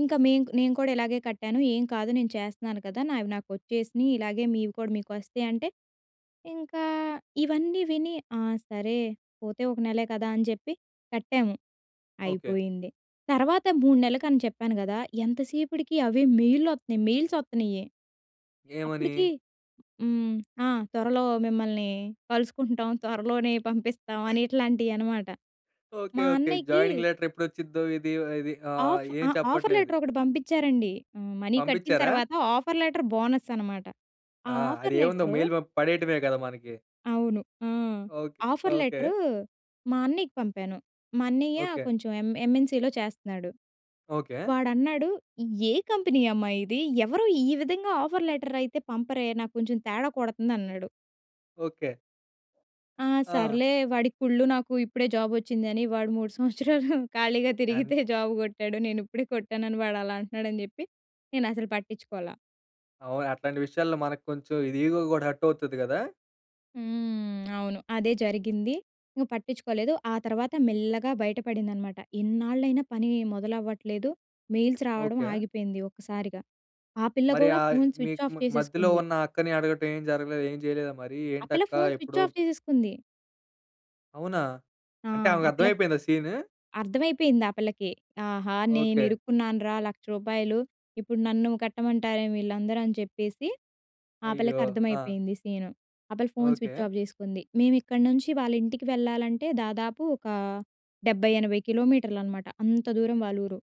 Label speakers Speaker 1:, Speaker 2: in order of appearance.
Speaker 1: ఇంకా మేం కు నేను కూడా ఇలాగే కట్టాను. ఏం కాదు నేను చేస్తున్నాను కదా! నావి నాకొచ్చేసినయి. ఇలాగే మీవి కూడా మీకొస్తయంటే, ఇంకా ఇవన్నీ విని, ఆ! సరే పోతే ఒక నెలే కదా! అని చెప్పి కట్టాము.
Speaker 2: ఓకే.
Speaker 1: అయిపోయింది. తర్వాత 3 నెల్లకని చెప్పాను గదా! ఎంత సేపడికి అవే మెయిల్లొత్తున్నాయి. మెయిల్సొత్తున్నయి.
Speaker 2: ఏమని?
Speaker 1: అప్పుడికీ హ్మ్. ఆ! తొరలో మిమ్మల్ని కలుసుకుంటాం. త్వరలోనే పంపిస్తాం అని ఇట్లాంటియనమాట.
Speaker 2: ఓకే.
Speaker 1: మా
Speaker 2: ఓకే.
Speaker 1: అన్నయ్యకీ
Speaker 2: జాయినింగ్ లెటర్ ఎప్పుడొచ్చిద్దో ఇది, ఇది ఆహ్,
Speaker 1: ఆఫ్ ఆ!
Speaker 2: ఏం
Speaker 1: ఆఫర్
Speaker 2: చెప్పట్లేదు.
Speaker 1: లెటరొకటి పంపిచ్చారండి. హ్మ్. మనీ కట్టిన
Speaker 2: పంపిచ్చారా?
Speaker 1: తర్వాత, ఆఫర్ లెటర్ బోనస్ అనమాట. ఆ
Speaker 2: ఆ! అది
Speaker 1: ఆఫర్
Speaker 2: ఏవుంది ఒ
Speaker 1: లెటరు.
Speaker 2: మెయిల్ పంప్ పడేయటమే గదా! మనకి.
Speaker 1: అవును. ఆ!
Speaker 2: ఓకే.
Speaker 1: Offer
Speaker 2: okay.
Speaker 1: లెటరూ, మా అన్నియ్యకి పంపాను. మా అన్నియ్య
Speaker 2: ఓకే.
Speaker 1: కొంచెం ఎం ఎంఎన్‌సీలో చేస్తన్నాడు.
Speaker 2: ఓకే.
Speaker 1: వాడన్నాడు, "ఏ కంపెనీ అమ్మా! ఇది, ఎవరూ ఈ విధంగా ఆఫర్ లెటరయితే పంపరే నా కొంచెం తేడా కొడతందన్నాడు."
Speaker 2: ఓకే.
Speaker 1: ఆ!
Speaker 2: ఆ!
Speaker 1: సర్లే వాడికి కుళ్ళు. నాకు ఇప్పుడే జాబొచ్చింది అని. వాడు 3 సంవత్సరాలు ఖాళీగా
Speaker 2: ఎన్
Speaker 1: తిరిగితే జాబు కొట్టాడు. నేనుప్పుడే కొట్టానని, వాడలా అంటున్నాడని చెప్పి నేనసలు పట్టిచుకోలా.
Speaker 2: అవును. అట్లాంటి విషయాల్లో మనకు కొంచెం ఇది ఈగో గూడా హర్టవుతది గదా!
Speaker 1: హ్మ్. అవును. అదే జరిగింది. ఇంక పట్టించుకోలేదు. ఆ తర్వాత మెల్లగా బయట పడిందనమాట. ఇన్నాళ్లైనా పని మొదలవ్వట్లేదు, మెయిల్స్ రావడం
Speaker 2: ఓకే.
Speaker 1: ఆగిపోయింది ఒక్కసారిగా. ఆ పిల్ల
Speaker 2: మరి
Speaker 1: గూడా
Speaker 2: ఆయ్
Speaker 1: ఫోన్ స్విచ్
Speaker 2: మీకు
Speaker 1: ఆఫ్
Speaker 2: మ మధ్యలో
Speaker 1: చేసేసుకుంది.
Speaker 2: ఉన్న అక్కని అడగటం ఏం జరగలేదా? ఏం చేయలేదా మరి?
Speaker 1: ఆ పిల్ల
Speaker 2: ఏంటక్కా
Speaker 1: ఫోన్ స్విచ్
Speaker 2: ఎప్పుడో
Speaker 1: ఆఫ్ చేసేసుకుంది.
Speaker 2: అవునా!
Speaker 1: ఆ!
Speaker 2: అంటే,
Speaker 1: ఆ పిల్ల ఫ్
Speaker 2: ఆవకర్థమయిపేయిందా సీను?
Speaker 1: అర్థమైపేయింది ఆ పిల్లకి. ఆహా! నేను
Speaker 2: ఓకే.
Speaker 1: ఇరుక్కున్నానురా 1,00,000 రూపాయలు. ఇప్పుడు నన్నూ కట్టమంటారేమో వీళ్ళందరూ అని చెప్పేసి, ఆ పిల్లకి
Speaker 2: అయ్యో! ఆ!
Speaker 1: అర్థమైపోయింది సీను. ఆ పిల్ల ఫోన్ స్విచ్
Speaker 2: ఓకే.
Speaker 1: ఆఫ్ చేసుకుంది. మేము ఇక్కడి నుంచి వాళ్ళింటికి వెళ్ళాలంటే, దాదాపు ఒకా 70, 80 కిలోమీటర్లనమాట. అంత దూరం వాళ్ళూరు.